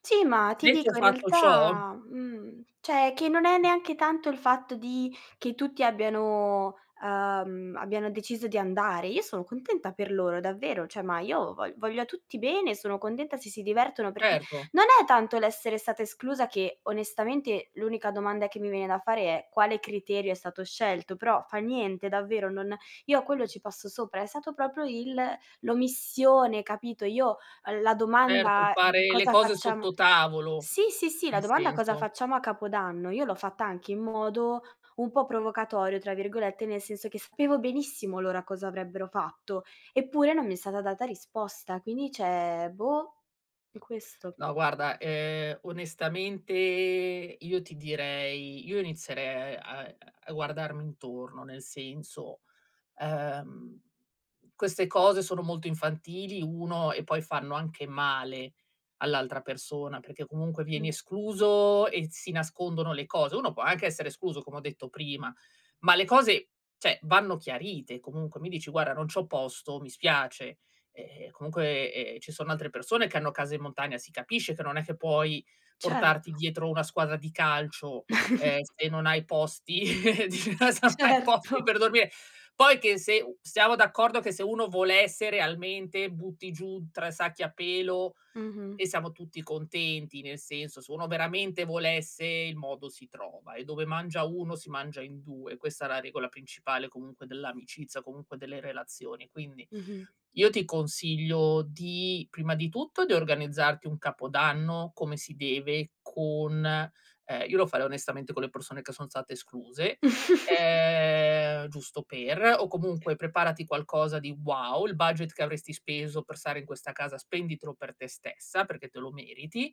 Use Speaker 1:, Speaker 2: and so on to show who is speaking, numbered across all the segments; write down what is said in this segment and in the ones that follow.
Speaker 1: Sì, ma ti
Speaker 2: Detto
Speaker 1: dico in
Speaker 2: fatto ciò.
Speaker 1: realtà, mhmm, cioè che non è neanche tanto il fatto di che tutti abbiano, ehm, abbiano deciso di andare. Io sono contenta per loro, davvero, cioè, ma io vo voglio a tutti bene, sono contenta se si divertono perché
Speaker 2: Erto.
Speaker 1: non è tanto l'essere stata esclusa che onestamente l'unica domanda che mi viene da fare è: "Quale criterio è stato scelto?" Però fa niente, davvero, non io a quello ci passo sopra, è stato proprio il l'omissione, capito, io l la
Speaker 2: Erto,
Speaker 1: domanda
Speaker 2: fare le
Speaker 1: cosa
Speaker 2: cose
Speaker 1: facciam
Speaker 2: sotto tavolo,
Speaker 1: Sì, sì, sì, la
Speaker 2: nel
Speaker 1: domanda "Cosa
Speaker 2: senso.
Speaker 1: facciamo a capodanno" io l'ho fatta anche in modo un po' "provocatorio", tra virgolette, nel senso che sapevo benissimo loro cosa avrebbero fatto, eppure non mi è stata data risposta. Quindi, cioè boh, è questo.
Speaker 2: No, guarda, ehm, onestamente io ti direi io inizierei a a guardarmi intorno, nel senso, ehm, queste cose sono molto infantili, 1, e poi fanno anche male all'altra persona, perché comunque vieni
Speaker 1: Mh.
Speaker 2: escluso e s si nascondono le cose, uno può anche essere escluso come ho detto prima, ma le cose, cioè vanno chiarite, comunque mi dici: "Guarda, non c'ho posto, mi spiace", ehm, comunque, ehm, ci sono altre persone che hanno casa in montagna, si capisce che non è che puoi portarti
Speaker 1: Certo.
Speaker 2: dietro una squadra di calcio, ehm, se non hai posti se non hai
Speaker 1: Certo.
Speaker 2: posti per dormire. Poi che se u siamo d'accordo che se uno volesse realmente, butti giù 3 sacchi a pelo
Speaker 1: Mh-mh.
Speaker 2: e siamo tutti contenti, nel senso se uno veramente volesse il modo si trova, e dove mangia 1 si mangia in 2, questa è la regola principale comunque dell'amicizia, comunque delle relazioni, quindi
Speaker 1: Mh-mh.
Speaker 2: io ti consiglio di prima di tutto di organizzarti un capodanno come si deve, con ehm, io lo farei onestamente con le persone che son state escluse, ehm, giusto per, o comunque preparati qualcosa di wow, il budget che avresti speso per stare in questa casa spenditelo per te stessa, perché te lo meriti.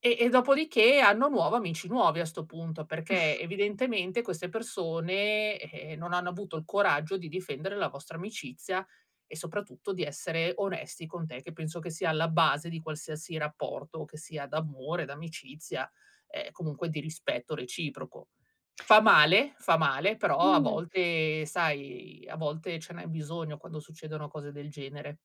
Speaker 2: E e dopodiché anno nuovo amici nuovi a sto punto, perché evidentemente queste persone, eh, non hanno avuto il coraggio di difendere la vostra amicizia e soprattutto di essere onesti con te, che penso che sia alla base di qualsiasi rapporto che sia d'amore, d'amicizia, ehm, comunque di rispetto reciproco. Fa male, fa male, però a
Speaker 1: Mh.
Speaker 2: volte, sai, a volte ce n'è bisogno quando succedono cose del genere.